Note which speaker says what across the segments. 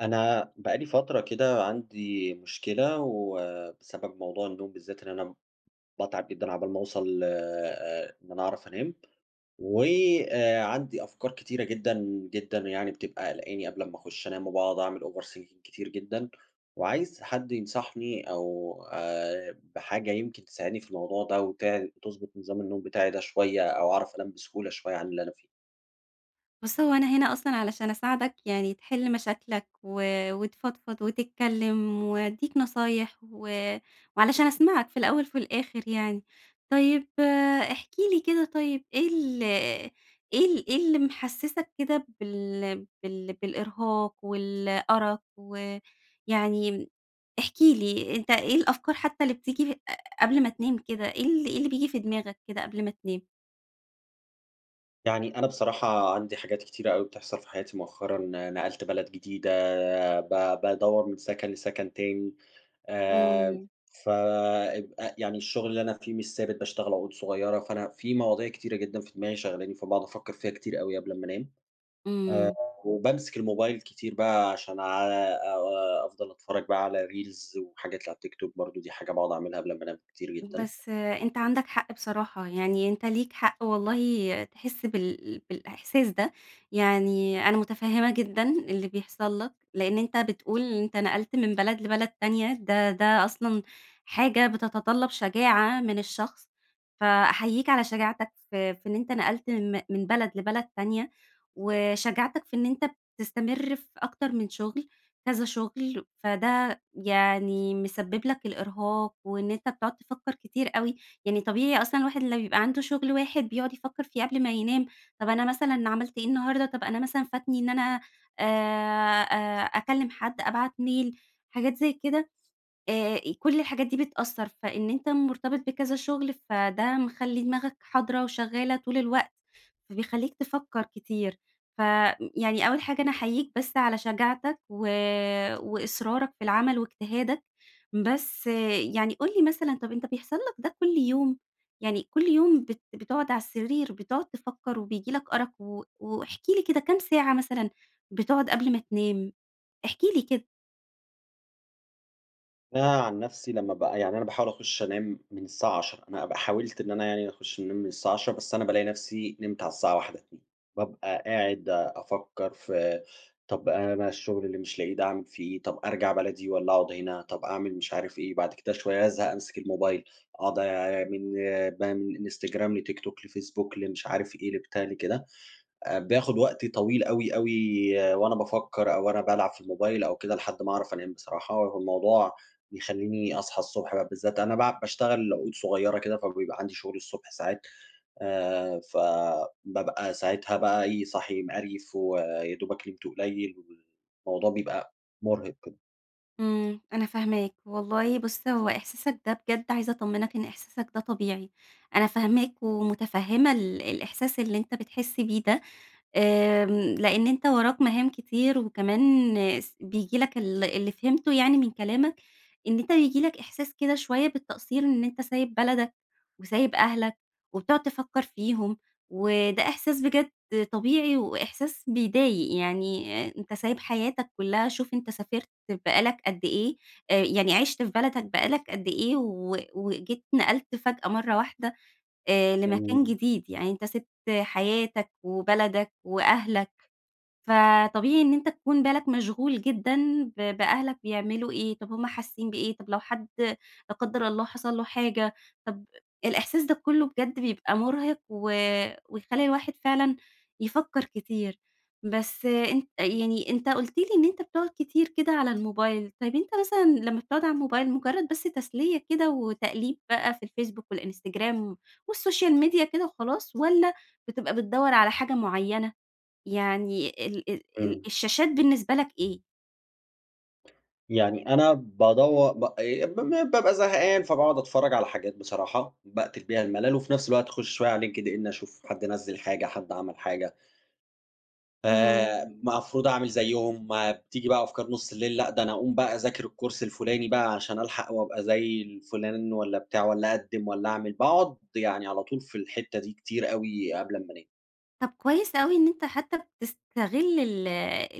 Speaker 1: أنا بقى لي فترة كده عندي مشكلة، وبسبب موضوع النوم بالذات إن أنا باتعب جدًا عقبال ما أوصل ل آآ إن أنا أعرف أنام، وعندي أفكار كتيرة جدًا، جدًا يعني بتبقى قلقاني قبل لمّا أخُش أنام وباقعد أعمل overthinking كتير جدًا، وعايز حد ينصحني أو آآ بحاجة يمكن تساعدني في الموضوع ده، وت وتضبط نظام النوم بتاعي ده شويّة، أو أعرف أنام بسهولة شويّة عن اللي أنا فيه.
Speaker 2: بُص هو أنا هنا أصلًا علشان أساعدك يعني تحل مشاكلك، و وتفضفض وتتكلّم وادّيك نصايح، وعلشان أسمعك في الأوّل في الآخر يعني، طيّب احكِ لي كده طيّب إيه ال إيه ال إيه اللي محسّسك كده بال بال بالإرهاق والأرق، ويعني احكِ لي أنت إيه الأفكار حتّى اللي بتيجي ق قبل ما تنام كده، إيه ال إيه اللي بييجي في دماغك كده قبل ما تنام؟
Speaker 1: يعني أنا بصراحة عندي حاجات كتيرة أوي بتحصل في حياتي مؤخرًا، نقلت بلد جديدة ب بادور من سكن لسكن تاني، آآ
Speaker 2: امم.
Speaker 1: فـأب أ يعني الشُغل اللي أنا فيه مش ثابت باشتغل عقود صغيّرة، فأنا في مواضيع كتيرة جدًا في دماغي شغلاني فباقعد أفكّر فيها كتير أوي قبل أما أنام. آآ
Speaker 2: امم.
Speaker 1: وبامسك الموبايل كتير بقى عشان آآ أفضل أتفرّج بقى على Reels وحاجات اللي على التيك توك برضو دي حاجة باقعد أعملها قبل أما أنام كتير جدًا.
Speaker 2: بس أنت عندك حق بصراحة، يعني أنت ليك حق والله تحس بال بالإحساس ده، يعني أنا مُتفهمة جدًا اللي بيحصل لك، لإن أنت بتقول أنت نقلت من بلد لبلد تانية، ده ده أصلًا حاجة بتتطلّب شجاعة من الشخص، فأحيّيك على شجاعتك في في إن أنت نقلت من من بلد لبلد تانية، وشجاعتك في إن أنت بتستمر في أكتر من شُغل كذا شُغل، فده يعني مسبب لك الإرهاق، وإن أنت بتقعد تفكّر كتير أوي، يعني طبيعي أصلًا الواحد لو بيبقى عنده شُغل واحد بيقعد يفكر فيه قبل ما ينام، طب أنا مثلًا عملت إيه النهارده، طب أنا مثلًا فاتني إن أنا آآ آآ أكلم حد أبعت ميل، حاجات زي كده آآ كل الحاجات دي بتأثّر، فإن أنت مُرتبط بكذا شُغل فده مخلّي دماغك حاضرة وشغّالة طول الوقت، فبيخلّيك تفكّر كتير، ف ي يعني أوّل حاجة أنا أحيّيك بس على شجاعتك و وإصرارك في العمل واجتهادك، بس يعني قُل لي مثلًا طب أنت بيحصل لك ده كل يوم، يعني كل يوم بت بتقعد على السرير بتقعد تفكّر وبييجي لك أرق و واحكِ لي كده كام ساعة مثلًا بتقعد قبل ما تنام؟ احكِ لي كده.
Speaker 1: أنا عن نفسي لما ب يعني أنا باحاول أخُش أنام من الساعة 22:00 أنا ب حاولت إن أنا يعني أخش أنام من الساعة 22:00 بس أنا بالاقي نفسي نمت على الساعة 01:00 02:00 بابقى قاعد أفكر في طب أنا بقى الشغل اللي مش لاقيه ده أعمل في إيه؟ طب أرجع بلدي، والّا أقعد هنا؟ طب أعمل مش عارف إيه، بعد كده شوية أزهق أمسك الموبايل، أقعد من بقى، من إنستجرام لتيك توك، لفيسبوك لمش عارف إيه لبتاع لكده، آآ باخد وقت طويل أوي، أوي وأنا بافكر أو وأنا بالعب في الموبايل أو كده، لحد ما أعرف أنام بصراحة، هو الموضوع بيخلّيني أصحى الصبح بقى بالذات أنا باع باشتغل عقود صغيرة كده، فبيبقى عندي شغل الصبح ساعات، آآ ف بابقى ساعتها بقى إيه صاحي مقريّف، ويادوبك نمت قُليّل والموضوع بيبقى مرهق جدًا.
Speaker 2: إمم، أنا فاهماك، والله بُص هو إحساسك ده بجد عايزة أطمنك إن إحساسك ده طبيعي، أنا فاهماك ومتفهمة ال الإحساس اللي أنت بتحس بيه ده، آمم لأن أنت وراك مهام كتير، وكمان س بييجي لك ال اللي فهمته يعني من كلامك، إن أنت بييجي لك إحساس كده شوية بالتقصير إن أنت سايب بلدك وسايب أهلك وبتقعد تفكر فيهم، وده إحساس بجد طبيعي وإحساس بيضايق، يعني أنت سايب حياتك كلها شوف أنت سافرت بقى لك قد إيه، آآ يعني عِشت في بلدك بقى لك قد إيه، و وجيت نقلت فجأة مرة واحدة آآ لمكان
Speaker 1: إمم.
Speaker 2: جديد، يعني أنت سِبت حياتك وبلدك وأهلك، فطبيعي إن أنت تكون بالك مشغول جدًا ب بأهلك بيعملوا إيه، طب همُ حاسين بإيه، طب لو حد لا قدر الله حصل له حاجة، طب الإحساس ده كله بجد بيبقى مرهق و ويخلّي الواحد فعلًا يفكر كتير، بس أنت يعني أنت قُلت لي إن أنت بتقعد كتير كده على الموبايل، طيب أنت مثلًا لما بتقعد على الموبايل مُجرد بس تسلية كده وتقليب بقى في الفيسبوك والإنستجرام والسوشيال ميديا كده وخلاص، والّا بتبقى بتدوّر على حاجة معينة؟ يعني ال ال ال
Speaker 1: إمم.
Speaker 2: الشاشات بالنسبة لك إيه؟
Speaker 1: يعني أنا بادوَر ب ي ب بابقى زهقان فباقعد أتفرّج على حاجات بصراحة باقتل بيها الملل وفي نفس الوقت أخُش شوية على LinkedIn أشوف حد نزِّل حاجة، حد عمل حاجة. آآ
Speaker 2: اهم.
Speaker 1: مفروض أعمل زيّهم بتيجي بقى أفكار نُص الليل لأ، ده أنا أقوم بقى أذاكر الكورس الفُلاني بقى عشان ألحق وابقى زي الفُلان والّا بتاع، والّا أقدِّم والّا أعمل؟ باقعد يعني على طول في الحتّة دي كتير أوي قبل أمّا أنام.
Speaker 2: طب كويس أوي إن أنت حتّى بتستغل ال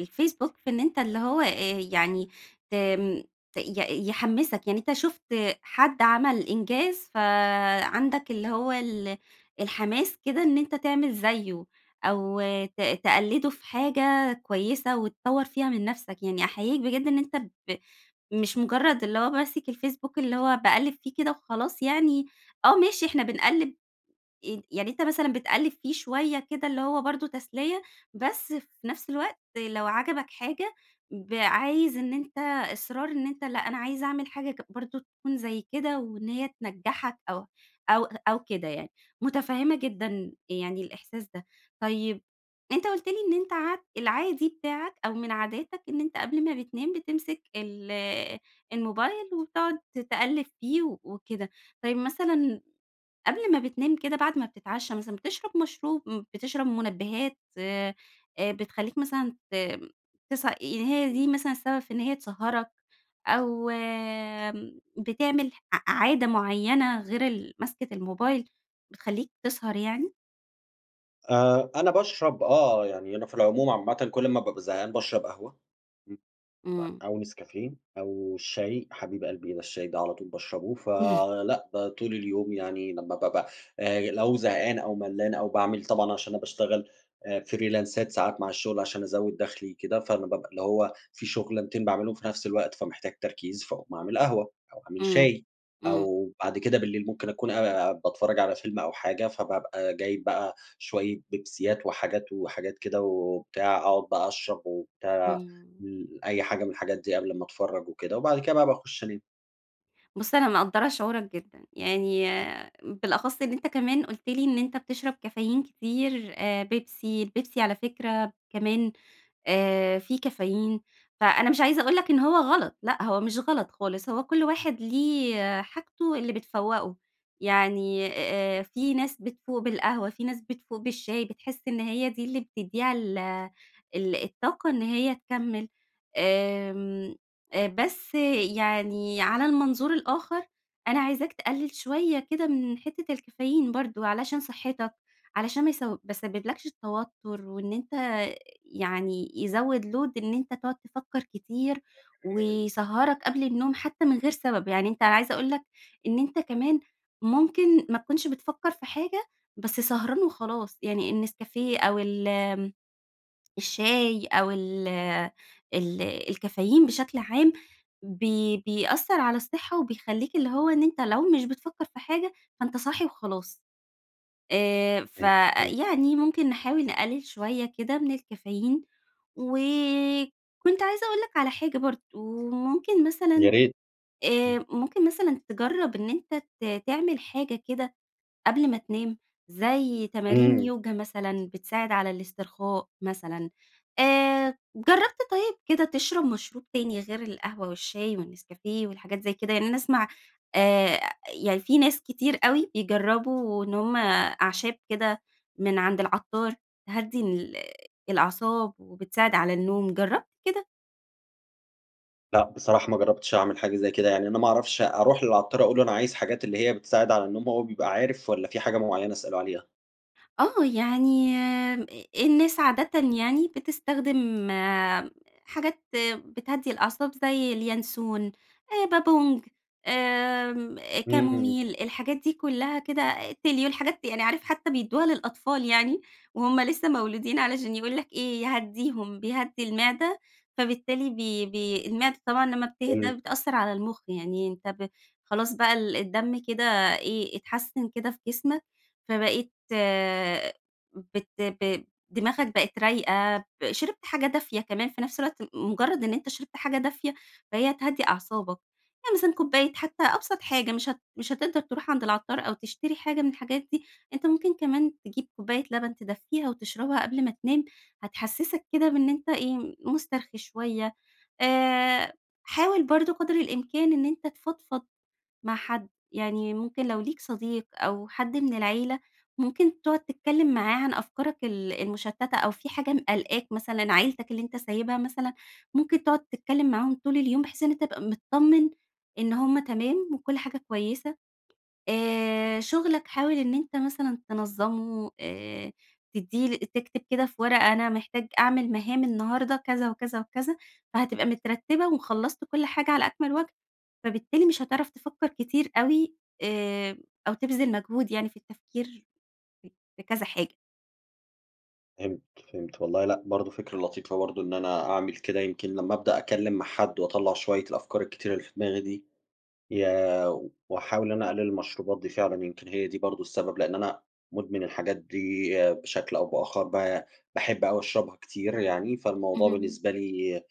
Speaker 2: الFacebook في إن أنت اللي هو، آآ يعني تم ت ي يحمِّسك. يعني أنت شُفت حد عمل إنجاز فعندك اللي هو ال الحماس كده إن أنت تعمل زيّه. أو ت تقلِّده في حاجة كويسة، وتطوّر فيها من نفسك. يعني أحييك بجد إن أنت ب مش مُجرّد اللي هو ماسك الFacebook اللي هو باقلِّب فيه كده وخلاص يعني آه. ماشي إحنا بنقلِّب ي يعني أنت مثلًا بتقلِّب فيه شوية كده اللي هو برضه تسلية، بس في نفس الوقت لو عَجَبك حاجة ب عايز إن أنت إصرار أنت لأ، أنا عايز أعمل حاجة ك برضه تكون زي كده، وإن هي تنجّحك أو أو أو كده يعني. مُتفهّمة جدًا يعني الإحساس ده. طيب، أنت قُلت لي إن أنت عاد العادي بتاعك، أو من عاداتك إن أنت قبل ما بتنام بتمسك ال الموبايل وتقعد ت تقلِّب فيه و وكده. طيب مثلًا قبل ما بتنام كده بعد ما بتتعشّى مثلًا بتشرب مشروب م بتشرب مُنَبِّهات آآ بتخلّيك مثلًا ت تس يعني هي دي مثلًا السبب في إن هي تسهَّرك، أو آمم بتعمل ع عادة معيّنة غير ال ماسكة الموبايل بتخلّيك تسهر يعني؟
Speaker 1: آآ، أنا باشرب آه، يعني أنا في العموم عامةً كل ما بابقى زهقان باشرب قهوة، [unintelligible]
Speaker 2: إمم.
Speaker 1: أو نسكافيه، أو الشاي حبيب قلبي ده الشاي ده على طول باشربه،
Speaker 2: إمم.
Speaker 1: فلأ ده طول اليوم يعني لما بابقى آآ، لو زهقان أو ملّان أو باعمل طبعًا عشان أنا باشتغل آآ فريلانسات ساعات مع الشغل عشان أزوِّد دَخلي كده، فأنا بقى اللي هو في شغلانتين باعمِلهُم في نفس الوقت، فمحتاج تركيز فاقوم أعمل قهوة أو أعمل
Speaker 2: إمم،
Speaker 1: شاي،
Speaker 2: إمم.
Speaker 1: أو بعد كده بالليل ممكن أكون آآ، باتفرَّج على فيلم أو حاجة، فبابقى جايب بقى شوية بيبسيات وحاجات وحاجات كده وبتاع، أقعد بقى أشرب وبتاع،
Speaker 2: إمم.
Speaker 1: أي حاجة من الحاجات دي قبل امَّا أتفرَّج وكده وبعد كده بقى باخُش أنام.
Speaker 2: بُصّ، أنا مقدَّرة شعورك جدًا، يعني بالأخَصّ إن أنت كمان قلت لي إن أنت بتشرب كافيين كتير آآ، بيبسي، البيبسي على فكرة كمان آآ، في كافيين فأنا مش عايزة أقول لك إن هو غلط، لأ هو مش غلط خالص، هو كل واحد ليه حاجتُه اللي بتفوَّقه يعني آآ، في ناس بتفوق بالقهوة، في ناس بتفوق بالشاي، بتحس إن هي دي اللي بتدّيها ال ال الطاقة إن هي تكَمِّل، آمم بس يعني على المنظور الآخر، أنا عايزاك تقلِّل شوية كده من حتَّة الكافيين برضه، علشان صحتَّك علشان ما يس ما يسبِّبلَكش توتُّر، وإن أنت يعني يزوِّد Load إن أنت تقعد تفكَّر كتير،
Speaker 1: [unintelligible]
Speaker 2: ويسهَّرك قبل النوم حتى من غير سبب، يعني أنت أنا عايزة أقول لك إن أنت كمان ممكن ما تكونش بتفكَّر في حاجة، بس سهران وخلاص، يعني النسكافيه أو ال الشاي أو ال ال الكافيين بشكل عام، بي بيأثَّر على الصحَّة وبيخليك اللي هو إن أنت لو مش بتفكَّر في حاجة، فأنت صاحي وخلاص آآ،
Speaker 1: إمم، إمم.
Speaker 2: فيعني ممكن نحاول نقلِّل شوية كده من الكافيين وكنت عايزة أقول لك على حاجة برضه، ممكن
Speaker 1: يا
Speaker 2: مثلًا
Speaker 1: ريت، امم.
Speaker 2: آآ، ممكن مثلًا تجرَّب إن أنت ت تعمل حاجة كده قبل ما تنام، زي تمارين
Speaker 1: إمم.
Speaker 2: يوجا مثلًا بتساعد على الإسترخاء مثلًا، آآ، جرَّبت طيب كده تشرب مشروب تاني غير القهوة والشاي والنسكافيه والحاجات زي كده، يعني أنا أسمع آآ، يعني في ناس كتير أوي بيجرَّبوا إن هم أعشاب كده من عند العطار تهَدّي ال الأعصاب وبتساعد على النوم، جرَّبت كده؟
Speaker 1: لأ، بصراحة ما جربتش أعمل حاجة زي كده، يعني أنا ما أعرفش أروح للعطّار أقول له أنا عايز حاجات اللي هي بتساعد على النوم، هو بيبقى عارف والّا في حاجة مُعينة أسألُه عليها؟
Speaker 2: آه يعني أ الناس عادةً يعني بتستخدم حاجات بتهدي الأعصاب، زي اليانسون آآ بابونج، آمم
Speaker 1: إمم.
Speaker 2: كاموميل الحاجات دي كلها كده تيليو الحاجات دي يعني عارف حتى بيدّوها للأطفال يعني، وهُم لسه مولودين علشان يقول لك إيه يهدّيهم بيهدّي المعدة، فبالتالي بي بي المِعدة طبعًا لمّا بتهدى
Speaker 1: حلو.
Speaker 2: بتأثر على المخ يعني أنت ب خلاص بقى ال الدم كده إيه إتحسّن كده في جِسمك، فبقيت بت ب دماغك بقت رايقة ب شِربت حاجة دافية كمان في نفس الوقت مـُ مُجرد إن أنت شِربت حاجة دافية فهي هتهدّي أعصابك، يعني مثلًا كوباية حتى أبسط حاجة مش هت مش هتقدر تروح عند العطّار أو تشتري حاجة من الحاجات دي، أنت ممكن كمان تجيب كوباية لبن تدفّّيها وتشربها قبل ما تنام، هتحسِّسك كده بإنِ أنت إيه مُسترخي شوية، آآ حاول برضه قدر الإمكان إن أنت تفضفض مع حد، يعني ممكن لو ليك صديق أو حد من العيلة، ممكن تقعد تتكلم معاه عن أفكارك ال المشتتة أو في حاجة م قالقاك، مثلًا عيلتك اللي أنت سايبها مثلًا، ممكن تقعد تتكلم معاهم طول اليوم بحيث إن تبقى متطمّن إن هُم تمام وكل حاجة كويسة. آآ شُغلك حاول إن أنت مثلًا تنظَمُه آآ تدّي ل تكتب كده في ورقة أنا محتاج أعمل مهام النهاردة كذا وكذا وكذا، فهتبقى مترتّبة، وخلصت كل حاجة على أكمل وجه، فبالتالي مش هتعرف تفكر كتير اوي، آآ أو تبذل مجهود يعني في التفكير ف في كذا حاجة.
Speaker 1: فهمت، فهمت، والله لأ، برضو فكرة لطيفة برضو إن أنا أعمل كده، يمكن لما أبدأ أتكلم مع حد وأطلّع شوية الأفكار الكتيرة اللي في دماغي دي يا وأحاول إن أنا أقلِّل المشروبات دي فعلًا يمكن هي دي برضو السبب، لأن أنا مُدمِن الحاجات دي بشكل أو بآخر با باحب أوي أشربها كتير يعني، فالموضوع
Speaker 2: اهم.
Speaker 1: بالنسبة لي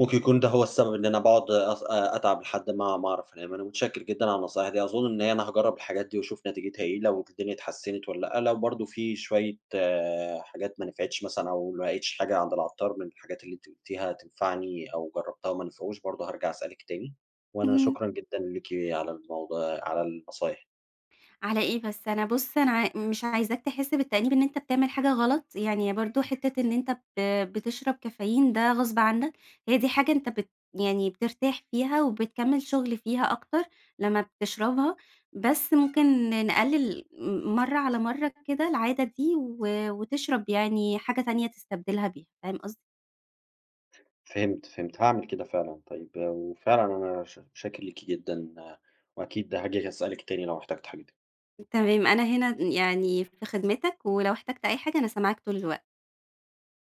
Speaker 1: ممكن يكون ده هو السبب إن أنا باقعد أص أتعب لحد ما ما أعرف أنام، أنا مُتشّكر جدًا على النصايح دي، أظُن إن هي أنا هاجرب الحاجات دي وأشوف نتيجتها إيه، لو الدنيا اتحسنت والّا لأ، لو برضو في شوية حاجات ما نفعتش مثلًا أو ما لقيتش حاجة عند العطّار من الحاجات اللي أنتِ قُلتيها تنفعني أو جربتها وما نفعوش، برضو هارجع أسألِك تاني، وأنا
Speaker 2: اهم.
Speaker 1: شكرًا جدًا ليكِ على الموضوع على النصايح.
Speaker 2: على إيه بس، أنا بُص أنا أ مش عايزاك تحس بالتأنيب إن أنت بتعمل حاجة غلط، يعني برضو حِتّة إن أنت ب بتشرب كافيين ده غصب عنك، هي دي حاجة أنت بت يعني بترتاح فيها وبتكمل شُغل فيها أكتر لمّا بتشربها، بس ممكن ن نقلِّل مرة على مرة كده العادة دي، و وتشرب يعني حاجة تانية تستبدلها بيها، فاهم قصدي؟
Speaker 1: فهمت، فهمت، هاعمل كده فعلًا طيب، وفعلًا أنا شا شاكر ليكِ جدًا، وأكيد هاجي هاسألِك تاني لو احتجت حاجة ت
Speaker 2: تمام أنا هنا يعني في خدمتك، ولو احتجت أي حاجة أنا سامعاك طول الوقت.